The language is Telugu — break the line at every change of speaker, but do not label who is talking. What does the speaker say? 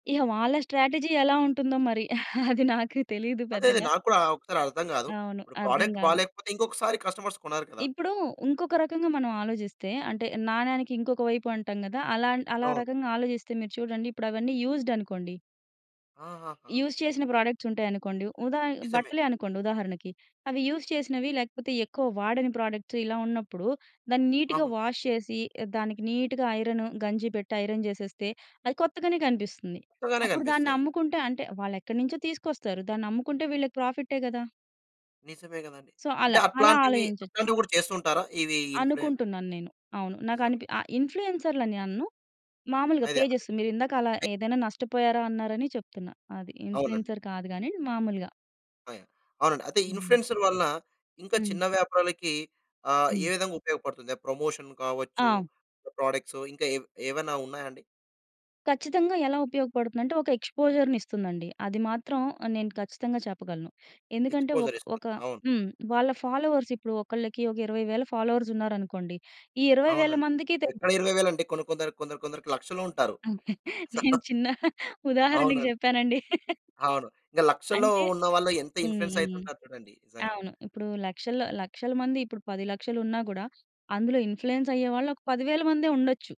ఇగ వాళ్ళ స్ట్రాటజీ ఎలా ఉంటుందో మరి! అది నాకు తెలియదు
అదే, అదే.
పెద్దగా.
నాక్కూడా ఒకసారి అర్థం గాదు.
అవును.
ఇప్పుడు
అర్థం
ప్రొడక్ట్
గాదు.
బాలేకపోతే ఇంకొకసారి కస్టమర్స్ కొనరు కదా!
ఇప్పుడు వుంకొక రకంగా మనం ఆలోచిస్తే, అంటే నాణేనికి ఇంకొక వైపు అంటాం కదా! అలా, అలా
అవును.
రకంగా ఆలోచిస్తే మీరు చూడండి ఇప్పుడవన్నీ యూజ్‌డ్ అనుకోండి...
ఆహాహా!
యూజ్ చేసిన ప్రొడక్ట్స్ ఉంటాయనుకోండి, ఉదా
నిజమే.
బట్టలే అనుకోండి ఉదాహరణకి, అవి యూజ్ చేసినవి లేకపోతే ఎక్కువ వాడని ప్రొడక్ట్స్ ఇలా ఉన్నప్పుడు, దాన్ని నీట్‌గా
అవును.
వాష్ చేసి దానికి నీట్‌గా ఐరన్, గంజి పెట్టి ఐరన్ చేసేస్తే, అది కొత్తగానే కనిపిస్తుంది.
కొత్తగానే
అప్పుడు
కనిపిస్తాయి.
దాన్నమ్ముకుంటే అంటే, వాళ్లెక్కడినుంచో తీసుకొస్తారు. దాన్నమ్ముకుంటే వీళ్ళకి ప్రాఫిటే గదా!
నిజమే కదండీ.
సో,
అంటే,
అలా. అలా
అట్లాంటివి,
ఆలోచించొచ్చు.
అట్లాంటివి కూడా చేస్తుంటారా ఇవి ఇన్‌ఫ్లూయెన్
అనుకుంటున్నాను నేను. అవును. నాకు
నిజమే.
అనిపి ఇన్‌ఫ్లూయెన్సర్‌లని అన్ను. మాములుగా
అదే.
పేజెస్ మీరిందాక, అలా ఏదైనా నష్టపోయారా, అన్నారని చెప్తున్నా. అది.
అవునండి.
ఇన్‌ఫ్లూయెన్సర్ కాదు గాని మాములుగా.
అవునండి. అయితే
హ్మ్.
ఇన్‌ఫ్లూయెన్సర్ వలన ఇంకా
హ్మ్.
చిన్న వ్యాపారాలకి ఆహ్, ఏ
హ్మ్.
విధంగా ఉపయోగపడుతుంది? ప్రమోషన్ కావచ్చు
ఆ!
ప్రొడక్ట్స్ ఇంకా ఏ ఏవైనా ఉన్నాయా అండి?
కచ్చితంగా ఎలా ఉపయోగపడుతుందంటే, ఒక ఎక్స్‌పోజర్‌నిస్తుందండి. అది మాత్రం ఆహ్, నేను ఖచ్చితంగా చెప్పగలను. ఎందుకంటే, ఒక్
ఎక్స్‌పోజరిస్తుంది.
ఒక
అవును.
హ్మ్. వాళ్ళ ఫాలోవర్స్ ఇప్పుడు ఒకళ్ళకి ఒక 20000 ఫాలోవర్స్ ఉన్నారనుకోండి. ఈ 20000
అవునండి.
మందికి తె
ఎక్కడ ఇరవై వేలండీ, కొన్ని కొందరికి కొందరు కొందరికి లక్షలో ఉంటారు.
నేను చిన్న ఉదాహరణకు
అవునండి.
చెప్పానండి.
అవును. ఇంకా లక్షలో
అంటే
ఉన్న వాళ్ళు ఎంత
హ్మ్.
ఇన్‌ఫ్లూయెన్స్
హ్మ్.
అయితుంటారు చూడండి నిజంగా.
అవును. ఇప్పుడు లక్షల్లో లక్షల మంది ఇప్పుడు 1000000 ఉన్నా గూడా అందులో ఇన్‌ఫ్లూయెన్స్ అయ్యేవాళ్ళు ఒక 10000 మందే ఉండొచ్చు.